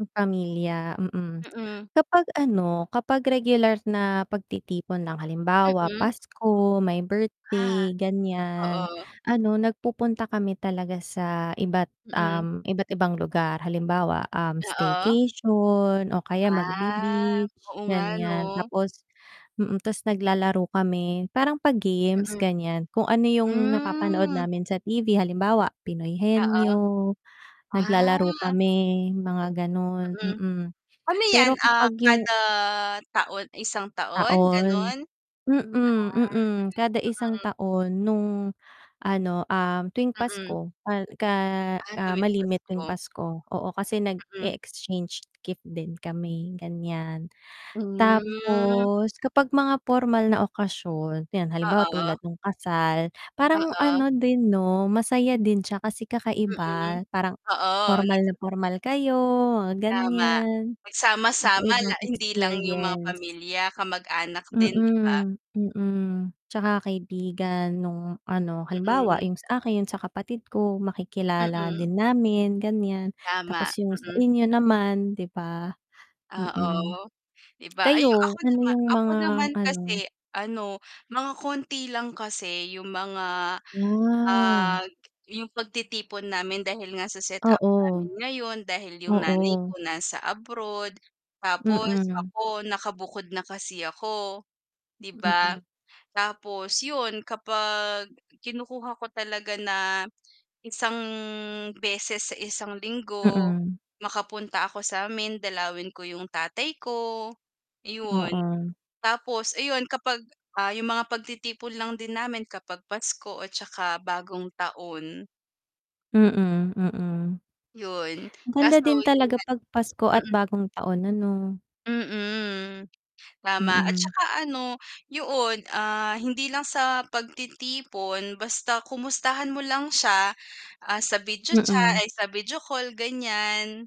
Pamilya, mm. Mm. Kapag ano, kapag regular na pagtitipon ng halimbawa Mm. Pasko, may Ah. birthday, ganyan, Oo. ano nagpupunta kami talaga sa iba't, Mm. um, iba't ibang lugar halimbawa, um, Oo. staycation o kaya Ah. mag-be-beach Oo nga ganyan. 'no? Tapos, mm, 'tas naglalaro kami, parang pa-games Mm. ganyan, kung ano yung napapanood Hmm. namin sa TV, halimbawa Pinoy Oo. Henyo, naglalaro Ah. kami mga ganun, Mm. mm, Ano 'yan, pero ah, kapag yung kada taon, 1 taon Taon, ganun? mm, Ah, mm kada isang mm. taon nung ano, um, tuwing Mm. Pasko ka ka, Ah, ah, tuwing malimit tuwing Pasko. Pasko, oo, kasi Mm. nag-e-exchange gift din kami ganyan. Hmm. Tapos kapag mga pormal na okasyon, ayan halimbawa tulad Oo. nung kasal, parang Oo. ano din 'no, masaya din siya kasi Mm. kakaiba, parang Oo pormal na nags pormal kayo mga Tama. ganyan, Magsama-sama la kakaibang hindi lang yung mga experience. pamilya, kamag-anak din 'di ba? Mm, mm, 'tsaka kaibigan nung ano, halimbawa Mm. yung sa akin, sa kapatid ko, makikilala Mm. din namin ganyan tapos Tama, yung sa mm. inyo naman 'di ba? Mm. Oo 'di ba. Ay ako Kayo ano nama yung ako mga naman ano? kasi ano, mga konti lang kasi yung mga, ah, Ah. yung pagtitipon namin dahil nga sa set-up Oo. namin ngayon dahil yung nanay Oo. ko nasa abroad, tapos Mm. ako nakabukod na kasi ako, 'di ba? Mm. Tapos yun kapag kinukuha ko talaga na isang beses sa isang linggo, Mm. makapunta ako samin dalawin ko yung tatay ko 'yon. Oo. Tapos ayon kapag, ah, yung mga pagtitipon lang din namin kapag Pasko at tsaka bagong taon. Mm, mm. 'Yon, Ganda kaso din yun talaga nga 'pag Pasko at mm. bagong taon, ano? Mm. Tama at Mm. tsaka ano yoon, ah, hindi lang sa pagtitipon basta kumustahan mo lang siya, ah, sa video cha Mm. ay sa video call, ganyan.